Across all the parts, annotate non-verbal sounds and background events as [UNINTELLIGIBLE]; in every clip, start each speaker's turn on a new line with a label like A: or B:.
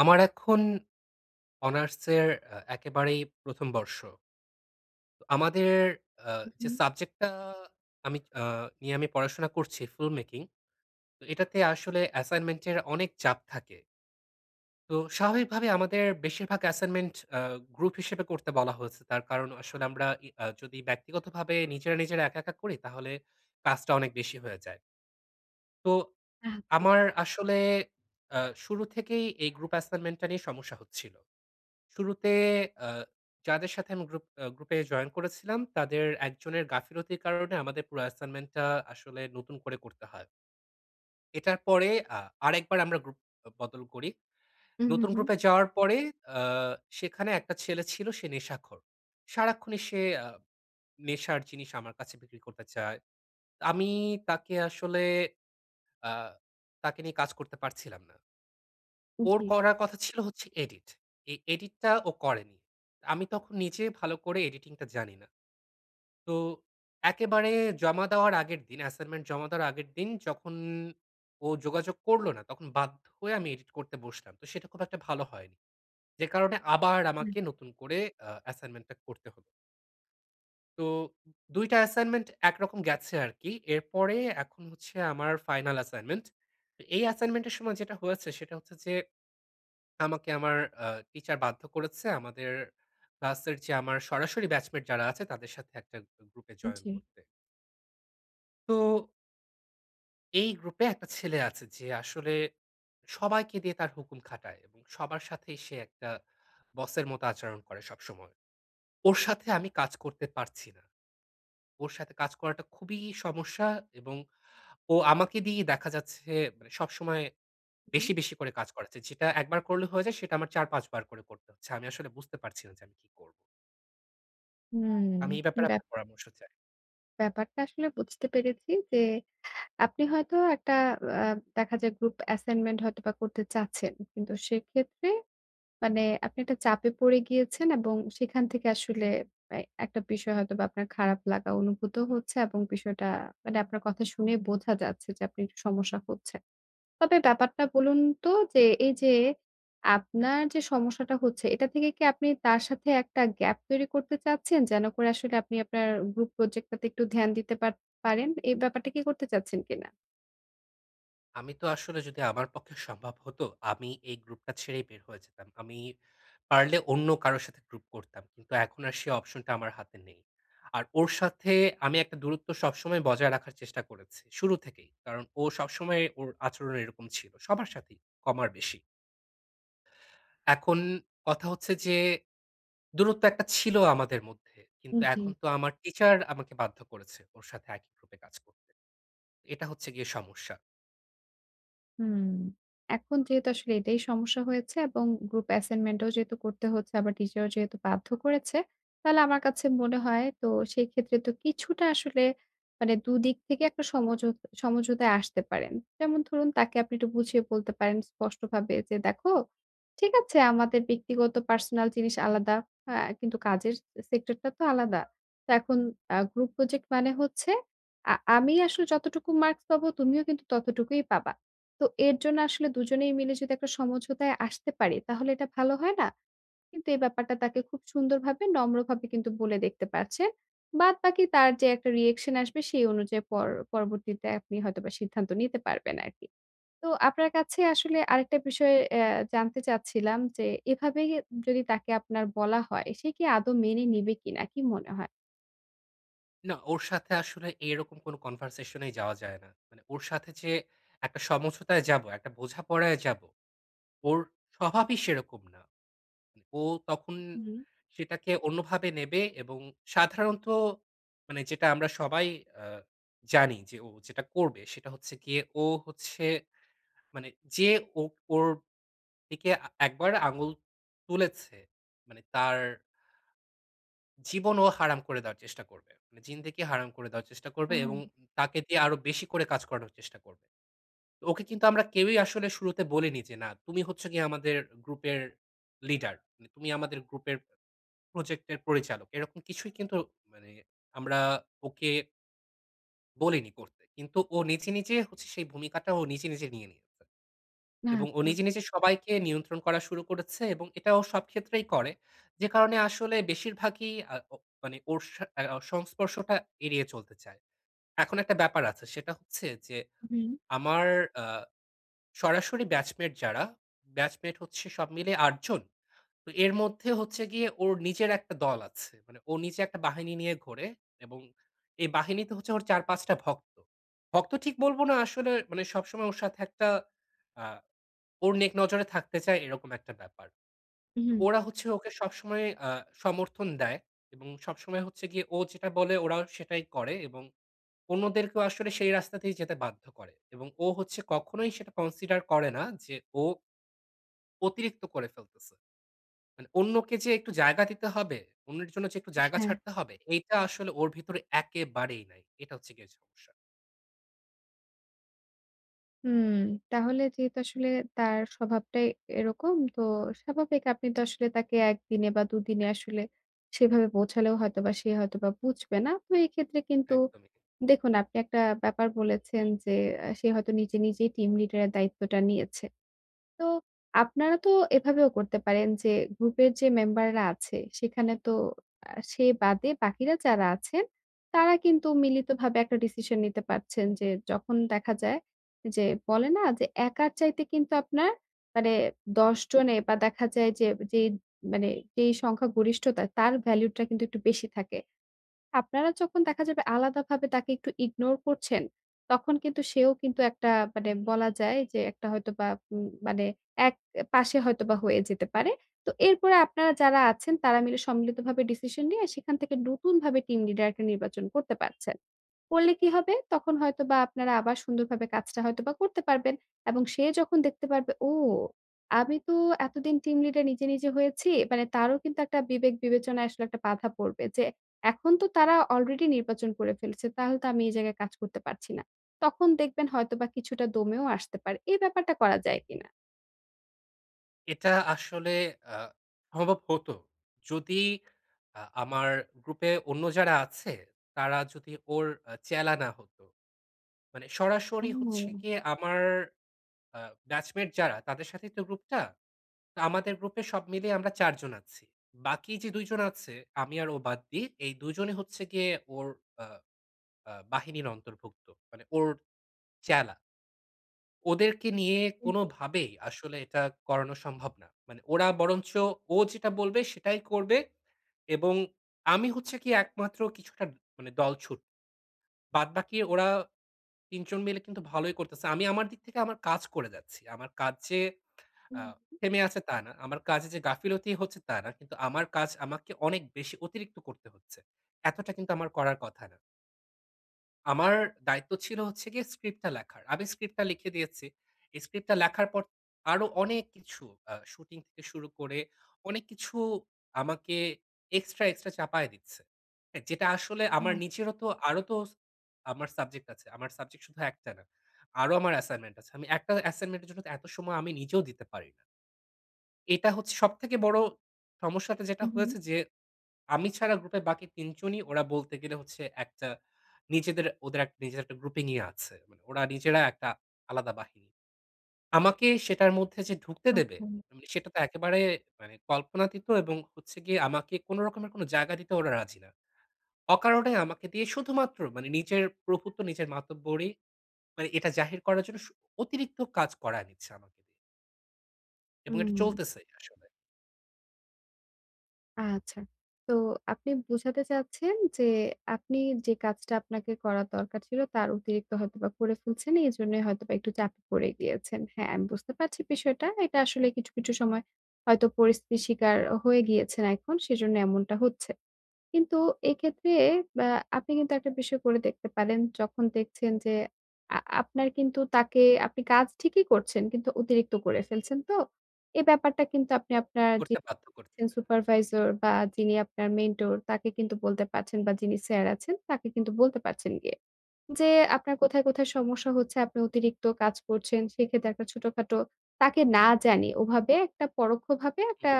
A: আমার এখন অনার্সের এ একেবারেই প্রথম বর্ষ। আমাদের অ্যা যে
B: উ-হু।
A: সাবজেক্টটা আমি আ নিয়ে আমি পড়াশোনা করছি film making এটাতে আসলে assignment এর অনেক চাপ থাকে। তো স্বাভাবিকভাবে আমাদের বেশিরভাগ assignment আ group হিসেবে করতে বলা হয়েছে। তার কারণ আসলে আমরা ই আ যদি ব্যক্তিগতভাবে নিজেরা নিজেরা একা, একা করি তাহলে কাজটা অনেক বেশি হয়ে যায়। তো
B: হ্যাঁ।
A: আমার আসলে আ শুরু থেকেই এই গ্রুপ assignment টা নিয়ে সমস্যা হচ্ছিল। শুরুতে আ যাদের সাথে আমি গ্রুপ গ্রুপে জয়েন করেছিলাম, তাদের একজনের গাফিলতির কারণে আমাদের পুরো assignment টা আসলে নতুন করে করতে হয়। এটার পরে আ আরেকবার আমরা গ্রুপ বদল করি।
B: হু ,হু,
A: নতুন
B: হুম।
A: গ্রুপে যাওয়ার পরে আ সেখানে একটা ছেলে ছিল সে নেশাখোর। সারাক্ষণই সে নেশার জিনিস আমার কাছে বিক্রি করতে চায়। আমি তাকে আসলে আ তাকে নিয়ে কাজ করতে পারছিলাম না। ওর
B: জী।
A: করার কথা ছিল হচ্ছে এডিট। এই এডিটটা ও করেনি। আমি তখন নিজে ভালো করে এডিটিং টা জানি না। তো একেবারে জমা দেওয়ার আগের দিন assignment জমা দেওয়ার আগের দিন, যখন ও যোগাযোগ করল না, তখন বাধ্য হয়ে আমি এডিট করতে বসলাম, তো সেটা খুব একটা ভালো হয়নি। যে কারনে আবার
B: হুম।
A: আমাকে নতুন করে আ assignment টা করতে হয়ে তো ২ টা assignment ১ রকম গেছে আরকি। এরপরে এখন হচ্ছে আমার ফাইনাল assignment তো এই assignment এর সময় যেটা হয়েছে, সেটা হচ্ছে যে, আমাকে আমার আ টিচার বাধ্য করেছে আমাদের ক্লাসের যে আমার সরাসরি batchmate যারা আছে, তাদের সাথে একটা গু গ্রুপে জয়েন
B: জী।
A: করতে। তো এই গ্রুপে একটা ছেলে আছে, যে আসলে সবাইকে দিয়ে তার হুকুম খাটায়, সবার সাথেই সে একটা বসের মতো আচরণ করে সবসময়। ওর সাথে আমি কাজ করতে পারছি না। ওর সাথে কাজ করাটা খুবই সমস্যা, এবং ও আমাকে দিয়েই দেখা যাচ্ছে মানে সবসময়
B: হুম।
A: বেশি, বেশি করে কাজ করাচ্ছে। যেটা ১ বার করলে হয়ে যায়, সেটা আমার ৪ ৫ বার করে করতে হচ্ছে। আমি আসলে বুঝতে পারছি না যে আমি কি করবো?
B: হুম।
A: আমি এই ব্যাপারে
B: ব্যাপ
A: আপনার পরামর্শ চাই।
B: ব্যাপারটা আসলে বুঝতে পেরেছি যে, আপনি হয়তো একটা আ দেখা যায় গ্রুপ assignment হয়তোবা করতে চাচ্ছেন। কিন্তু সেক্ষেত্রে মানে আপনি একটা চাপে পড়ে গিয়েছেন এবং সেখান থেকে আসলে আই একটা বিষয় হয়তো বা আপনার খারাপ লাগা অনুভূত হচ্ছে। এবং বিষয়টা মানে আপনার কথা শুনেই বোঝা যাচ্ছে যে আপনি একটু সমস্যা হচ্ছে। তবে ব্যাপারটা বলুন তো যে এইযে আপনার যে সমস্যাটা হচ্ছে, এটা থেকে কি আপনি তার সাথে ১ gap তৈরি করতে চাচ্ছেন? যেন করে আপনি আপনার গ্রুপ project টা তে একটু ধ্যান দিতে পার পারেন। এ ব্যাপারটা কি করতে চাচ্ছেন কিনা?
A: আমি তো আসলে যদি আমার পক্ষে সম্ভব হতো আমি এই গ্রূপটা ছেড়েই বের হয়ে যেতাম। আমি পারলে অন্য কারোর সাথে গ্রূপ করতাম। কিন্তু এখন আর সে অপশনটা আমার হাতে নেই। আর ওর সাথে আমি একটা দূরত্ব সবসময় বজায় রাখার চেষ্টা করেছি, শুরু থেকেই। কারণ ও সবসময়ে ওর আচরণ এরকম ছিল সবার সাথেই, কম আর বেশি। এখন কথা হচ্ছে যে, দূরত্ব একটা ছিল আমাদের মধ্যে। কিন্তু
B: হুম, জি।
A: এখন তো আমার টিচার আমাকে বাধ্য করেছে, ওর সাথে একই গ্রূপে কাজ করতে। এটা হচ্ছে গিয়ে সমস্যা।
B: হুম। এখন যেহেতু আসলে এটাই সমস্যা হয়েছে এবং গ্রূপ এসাইনমেন্টও যেহেতু করতে হচ্ছে, আবার টিচারও যেহেতু বাধ্য করেছে, তালে আমার কাছে মনে হয় তো সেই ক্ষেত্রে তো কিছুটা আসলে, মানে ২ দিক থেকে একটা সমঝো সমঝোতায় আসতে পারেন। যেমন ধরুন তাকে আপনি একটু বুঝিয়ে বলতে পারেন স্পষ্টভাবে যে, "দেখো ঠিক আছে আমাদের ব্যক্তিগত পার্সোনাল জিনিস আলাদা। অ্যা কিন্তু কাজের স সেক্টরটা তো আলাদা। তো এখন অ্যা group project মানে হচ্ছে আ আমি আসলে যতটুকু মার্কস পাবো তুমিও কিন্তু ততটুকুই পাবা। তো এর জন্য আসলে ২ জনেই মিলে যদি একটা সমঝোতায় আসতে পারি, তাহলে এটা ভালো হয় না?" কিন্তু এই ব্যাপারটা তাকে খুব সুন্দরভাবে, নম্রভাবে কিন্তু বলে দেখতে পারছেন। বাদবাকি তার যে একটা reaction আসবে সেই অনুযায়ী পর পরবর্তীতে আপনি হয়তোবা সিদ্ধান্ত নিতে পারবেন আরকি! তো আপনার কাছে আসলে আরেকটা বিষয় এ্যা জানতে চাচ্ছিলাম যে, এভাবে উম যদি তাকে আপনার বলা হয়, সে কি আদৌ মেনে নিবে কিনা? কী মনে হয়?
A: না। ওর সাথে আসলে এরকম কোন কনভার্সেশনেই যাওয়া যায় না। মানে ওর সাথে যে একটা সমঝোতায় যাব, একটা বোঝাপড়ায় যাব, ওর স্বভাবই সেরকম না। উম ও তখন
B: উ হুম।
A: সেটাকে অন্যভাবে নেবে এবং সাধারণত মানে যেটা আমরা সবাই অ্যা জানি যে ও যেটা করবে। সেটা হচ্ছে গিয়ে ও হচ্ছে মানে যে ও ওর দিকে আ একবার আঙুল তুলেছে, মানে তার জীবন ও হারাম করে দেওয়ার চেষ্টা করবে। মানে জিন্দেগি হারাম করে দেওয়ার চেষ্টা করবে এবং উম
B: ও!
A: তাকে দিয়ে আরো বেশি করে কাজ করানোর চেষ্টা করবে। ওকে কিন্তু আমরা কেউই আসলে শুরুতে বলিনি যে "না, তুমি হচ্ছ কি আমাদের গ্রুপের লিডার। মানে তুমি আমাদের গ্রুপের প্রজেক্ট এর পরিচালক।" এরকম কিছুই কিন্তু মানে আমরা ওকে বলিনি করতে। কিন্তু ও নেচে, নেচে হচ্ছে সেই ভূমিকাটা ও নিজে, নিজে নিয়ে নিয়েছে।
B: না
A: এবং ও
B: আচ্ছা।
A: নিজে, নিজে সবাইকে নিয়ন্ত্রণ করা শুরু করেছে এবং এটা ও সব ক্ষেত্রেই করে। যে কারণে আসলে বেশির ভাগই আ ও মানে ওর সা আ সংস্পর্শটা এড়িয়ে চলতে চায়। এখন একটা ব্যাপার আছে। সেটা হচ্ছে যে
B: হুম।
A: আমার আ সরাসরি batchmate যারা batchmate হচ্ছে সব মিলে ৮ জন। তো এর মধ্যে হচ্ছে গিয়ে ওর নিজের একটা দল আছে। মানে ওর নিজে একটা বাহিনী নিয়ে ঘোরে এবং এই বাহিনীতে হচ্ছে ওর ৪-৫ টা ভক্ত। ভক্ত ঠিক বলবো না, আসলে মানে সবসময় ওর সাথে একটা আ ওর নেক নজরে থাকতে চায় এরকম একটা ব্যাপার। তো
B: হুম।
A: ওরা হচ্ছে ওকে সবসময় আ সমর্থন দেয়। এবং সবসময় হচ্ছে গিয়ে ও যেটা বলে ওরাও সেটাই করে। এবং অন্যদেরকেও আসলে সেই রাস্তাতেই যেতে বাধ্য করে। এবং ও হচ্ছে কখনোই সেটা consider করে না যে ও অতিরিক্ত করে ফেলতেছে। মানে অন্যকে যে একটু জায়গা দিতে হবে। অন্যের জন্য যে একটু জায়গা
B: হ্যাঁ।
A: ছাড়তে হবে। এইটা আসলে ওর ভিতরে একেবারেই নাই। এটা হচ্ছে গিয়ে সমস্যা।
B: হুম তাহলে যেহেতু আসলে তার স্বভাবটাই এরকম, তো স্বাভাবিক আপনি তো আসলে তাকে ১ দিনে বা ২ দিনে আসলে সেভাবে বোঝালেও হয়তোবা সে হয়তোবা বুঝবে না। তো এক্ষেত্রে কিন্তু
A: একদমই।
B: দেখুন আপনি একটা ব্যাপার বলেছেন যে, এ সে হয়তো নিজে, নিজেই team leader এর দায়িত্বটা নিয়েছে। তো আপনারা তো এভাবেও করতে পারেন যে গ্রূপের যে মেম্বাররা আছে, সেখানে তো আ সে বাদে বাকিরা যারা আছেন তারা কিন্তু মিলিতভাবে একটা decision নিতে পারছেন যে, যখন দেখা যায় যে বলেনা যে একার চাইতে কিন্তু আপনার মানে ১০ জনে বা দেখা যায় যে যেই মানে যেই সংখ্যা গরিষ্ঠতা তার ভ্যালুটা কিন্তু একটু বেশি থাকে। আপনারা যখন দেখা যাবে আলাদাভাবে তাকে একটু ignore করছেন তখন কিন্তু সেও কিন্তু একটা মানে বলা যায় যে একটা হয়তোবা উম মানে এক পাশে হয়তোবা হয়ে যেতে পারে। তো এরপরে আপনারা যারা আছেন তারা মিলে সম্মিলিতভাবে decision নিয়ে, সেখান থেকে নতুনভাবে team leader একটা নির্বাচন করতে পারছেন। করলে কি হবে? তখন হয়তোবা আপনারা আবার সুন্দরভাবে কাজটা হয়তোবা করতে পারবেন এবং সে যখন দেখতে পারবে, "ও! আমি তো এতদিন team leader নিজে, নিজে হয়েছি।" মানে তারও কিন্তু একটা বিবেক বিবেচনায় আসলে একটা বাধা পড়বে যে, "এখন তো তারা already নির্বাচন করে ফেলেছে, তাহলে তো আমি এই জায়গায় কাজ করতে পারছি না।" তখন দেখবেন হয়তোবা কিছুটা দমেও আসতে পারে। এই ব্যাপারটা করা যায় কিনা?
A: এটা আসলে আ সম্ভব হতো। যদি আ আমার গ্রুপে অন্য যারা আছে তারা যদি ওর অ্যা চ্যালা না হতো। মানে সরাসরি হচ্ছে
B: হুম।
A: গিয়ে আমার আ batchmate যারা, তাদের সাথেই তো গ্রুপ টা। তো আমাদের গ্রুপ এ সব মিলিয়ে আমরা ৪ জন আছি। বাকি যে ২ জন আছে আমি আর ও বাদ দিয়ে, এই ২ জনই হচ্ছে গিয়ে ওর আ আ বাহিনীর অন্তর্ভুক্ত। মানে ওর চ্যালা। ওদেরকে নিয়ে
B: জি, জি।
A: কোনভাবেই আসলে এটা করানো সম্ভব না। মানে ওরা বরঞ্চ ও যেটা বলবে, সেটাই করবে। এবং আমি হচ্ছে কি একমাত্র কিছুটা মানে দল ছুট। বাদবাকি ওরা ৩ জন মিলে কিন্তু ভালোই করতেছে। আমি আমার দিক থেকে আমার কাজ করে যাচ্ছি। আমার কাজ যে
B: হু,
A: অ্যা
B: হু।
A: থেমে আছে, তা না। আমার কাজে যে গাফিলতি হচ্ছে, তা না। কিন্তু আমার কাজ আমাকে অনেক বেশি অতিরিক্ত করতে হচ্ছে। এতটা কিন্তু আমার করার কথা না। আমার দায়িত্ব ছিল হচ্ছে গিয়ে script টা লেখার। আমি script টা লিখে দিয়েছি। script টা লেখার পর আরো অনেক কিছু অ্যা শুটিং থেকে শুরু করে অনেক কিছু আমাকে এক্সট্রা, এক্সট্রা চাপায়ে দিচ্ছে। অ্যা যেটা আসলে আমার
B: [UNINTELLIGIBLE]
A: নিজেরও তো আরও তো স আমার সাবজেক্ট আছে। আমার সাবজেক্ট শুধু ১ টা না। আরও আমার assignment আছে। আমি একটা assignment এর জন্য তো এত সময় আমি নিজেও দিতে পারি না। এটা হচ্ছে সবথেকে বড় সমস্যাটা যেটা
B: উ হু।
A: হয়েছে যে আমি ছাড়া গ্রুপের বাকি ৩ জনই ওরা বলতে গেলে হচ্ছে একটা নিজেদের ওদের এক নিজের একটা গ্রুপিং ই আছে। মানে ওরা নিজেরা একটা আলাদা বাহিনী। আমাকে সেটার মধ্যে যে ঢুকতে দেবে,
B: আচ্ছা।
A: মানে সেটা তো একেবারে মানে কল্পনাতিত এবং হচ্ছে গিয়ে আমাকে কোনো রকমের কোনো জায়গা দিতে ওরা রাজি না। অকারনে আমাকে দিয়ে শুধুমাত্র মানে নিজের প্রভুত্ব নিজের, মাতব্বরি মানে এটা জাহির করার জন্য শু অতিরিক্ত কাজ করায়ে নিচ্ছে আমাকে দিয়ে। এবং এটা
B: হুম।
A: চলতেছে, আসলে।
B: আচ্ছা। তো আপনি বোঝাতে চাচ্ছেন যে আপনি যে কাজটা আপনাকে করার দরকার ছিল, তার অতিরিক্ত হয়তোবা করে ফেলছেন। এজন্যই হয়তোবা একটু চাপে পড়ে গিয়েছেন। হ্যাঁ, আমি বুঝতে পারছি বিষয়টা। এটা আসলে কিছু, কিছু সময় হয়তো পরিস্থিতির শিকার হয়ে গিয়েছেন এখন, সেজন্য এমনটা হচ্ছে। কিন্তু এক্ষেত্রে, ব্যা আপনি কিন্তু একটা বিষয় করে দেখতে পারেন, যখন দেখছেন যে আ আপনার কিন্তু তাকে আপনি কাজ ঠিকই করছেন কিন্তু অতিরিক্ত করে ফেলছেন তো? এ ব্যাপারটা কিন্তু আপনি আপনার যে
A: করতে বাধ্য করতেছে।
B: [UNINTELLIGIBLE] সুপারভাইজার বা, যিনি আপনার মেন্টর তাকে কিন্তু বলতে পারছেন বা, যিনি স্যার আছেন, তাকে কিন্তু বলতে পারছেন গিয়ে। যে আপনার কোথায়, কোথায় সমস্যা হচ্ছে, আপনি অতিরিক্ত কাজ করছেন, সেক্ষেত্রে একটা ছোটখাটো তাকে না জানিয়ে ওভাবে একটা পরোক্ষভাবে
A: হুম।
B: একটা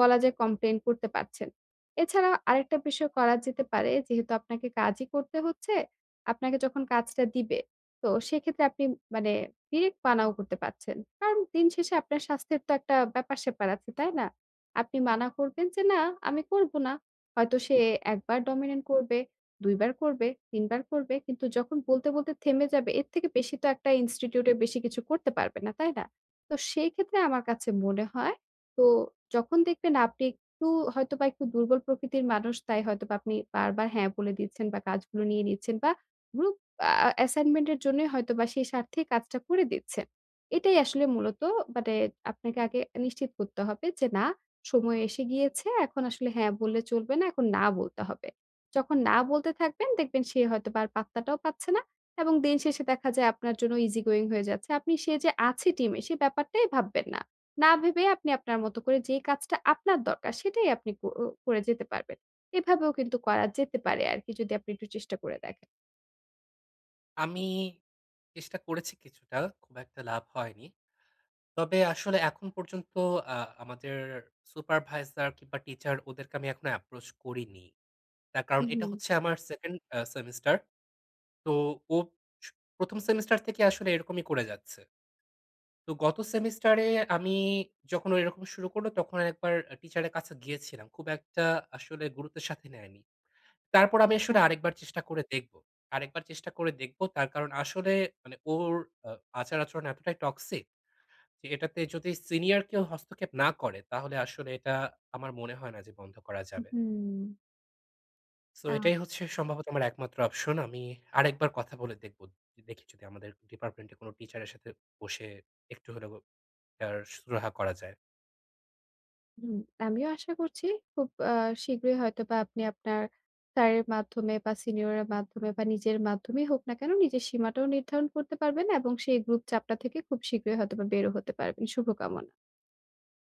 B: বলা যায় complain করতে পারছেন। এছাড়াও আরেকটা বিষয় করা যেতে পারে। যেহেতু আপনাকে কাজই করতে হচ্ছে, আপনাকে যখন কাজটা দিবে, তো সেক্ষেত্রে আপনি মানে direct মানাও করতে পারছেন। কারণ দিন শেষে আপনার স্বাস্থ্যের তো একটা ব্যাপার-স্যাপার আছে, তাই না? আপনি মানা করবেন যে, "না, আমি করবো না।" হয়তো সে ১ বার dominant করবে, ২ বার করবে, ৩ বার করবে, কিন্তু যখন বলতে, বলতে থেমে যাবে, এর থেকে বেশি তো একটা ইনস্টিটিউটের বেশি কিছু করতে পারবে না, তাই না? তো সেইক্ষেত্রে আমার কাছে মনে হয়, তো যখন দেখবেন আপনি একটু হয়তোবা একটু দুর্বল প্রকৃতির মানুষ, তাই হয়তোবা আপনি বারবার হ্যাঁ বলে দিচ্ছেন বা, কাজগুলো নিয়ে নিচ্ছেন বা, গ্রুপ আ assignment এর জন্যই হয়তোবা সেই স্বার্থে কাজটা করে দিচ্ছেন। এটাই আসলে মূলত মানে আপনাকে আগে নিশ্চিত করতে হবে যে না, সময় এসে গিয়েছে, এখন আসলে হ্যাঁ বললে চলবে না, এখন না বলতে হবে। যখন না বলতে থাকবেন, দেখবেন সে হয়তোবা আর পাত্তাটাও পাচ্ছে না। এবং দিন শেষে দেখা যায় আপনার জন্য easy going হয়ে যাচ্ছে। আপনি সে যে আছে টিমে সে ব্যাপারটাই ভাববেন না। না ভেবে আপনি আপনার মতো করে যে কাজটা আপনার দরকার সেটাই আপনি কর করে যেতে পারবেন। এভাবেও কিন্তু করা যেতে পারে আরকি যদি আপনি একটু চেষ্টা করে দেখেন।
A: আমি চেষ্টা করেছি কিছুটা, খুব একটা লাভ হয়নি। তবে আসলে এখন পর্যন্ত আ আমাদের supervisor কিংবা টিচার ওদেরকে আমি এখনো approach করিনি। তার কারণ
B: হু,
A: এটা
B: হু।
A: হচ্ছে আমার 2nd এ্যা সেমিস্টার। তো ও স ১ম সেমিস্টার থেকে আসলে এরকমই করে যাচ্ছে। তো গত সেমিস্টারে আমি যখন ও এরকম শুরু করলো, তখন একবার আ টিচারের কাছে গিয়েছিলাম। খুব একটা আসলে গুরুত্বের সাথে নেয়নি। তারপর আমি আসলে
B: হ্যাঁ।
A: আরেকবার চেষ্টা করে দেখবো আরেকবার চেষ্টা করে দেখবো। তার কারণ, আসলে মানে ওর আ আচার-আচরণ এতটাই toxic যে এটাতে যদি সিনিয়র কেউ হস্তক্ষেপ না করে, তাহলে আসলে এটা আমার মনে হয় না যে বন্ধ করা যাবে।
B: মহুম!
A: সো
B: আ
A: এটাই হচ্ছে সম্ভবত আমার একমাত্র অপশন। আমি আরেকবার কথা বলে দেখবো। য দেখি যদি আমাদের ডিপার্টমেন্টে কোনো টিচারের সাথে বসে একটু হলেও এটার সুরাহা করা যায়।
B: হুম। আমিও আশা করছি খুব আ শীঘ্রই হয়তোবা আপনি আপনার স্যারের মাধ্যমে বা সিনিয়রের মাধ্যমে বা নিজের মাধ্যমেই হোক না কেন নিজের সীমাটাও নির্ধারণ করতে পারবেন এবং সেই গ্রূপ চাপটা থেকে খুব শীঘ্রই হয়তোবা বেরও হতে পারবেন। শুভকামনা।